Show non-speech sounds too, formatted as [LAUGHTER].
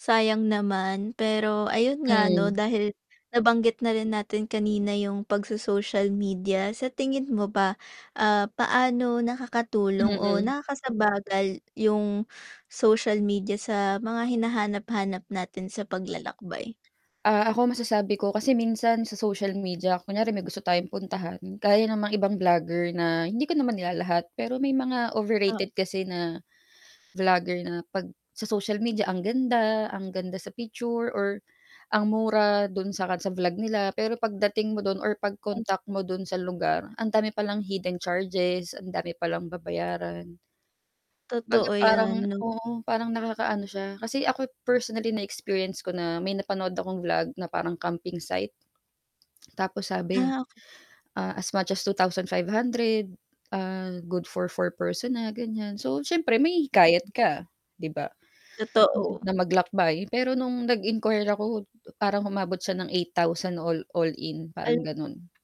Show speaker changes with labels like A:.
A: Sayang naman pero, ayun nga, ano,
B: Hmm.
A: dahil nabanggit na rin natin kanina 'yong pagso-social media, sa tingin mo ba, ah, paano nakakatulong o
B: Mm.
A: nakakasagabal 'yong social media sa mga hinahanap-hanap natin sa paglalakbay?
B: Ah, ako masasabi ko kasi minsan sa social media kunwari may gusto tayong puntahan gaya ng mga ibang vlogger na, hindi ko naman nilalahat, pero may mga
A: Ah.
B: overrated kasi na [GASPS] vlogger na 'pag sa social media, ang ganda, ang ganda sa picture or ang mura do'n sa kad sa vlog nila. Pero pagdating mo do'n or
A: Ayun.
B: pag-contact mo do'n sa lugar, ang dami palang hidden charges. Ang dami palang babayaran. Kumbaga
A: Totoo
B: parang,
A: 'yan, 'no?
B: oo, parang nakaka-ano siya. Kasi ako, personally na-experience ko na may napanood akong vlog na parang camping site. [CLICKS TONGUE] Tapos sabi,
A: Ah, oka
B: ah, as much as 2,500. Ah, good for 4 person na, ganiyan. So, siyempre mahihikayat ka, 'di ba, at
A: Totoo.
B: na maglakbay. Pero no'ng nag-inquire ako parang umabot siya ng 8,000 all all-in, parang
A: Ay.
B: gano'n.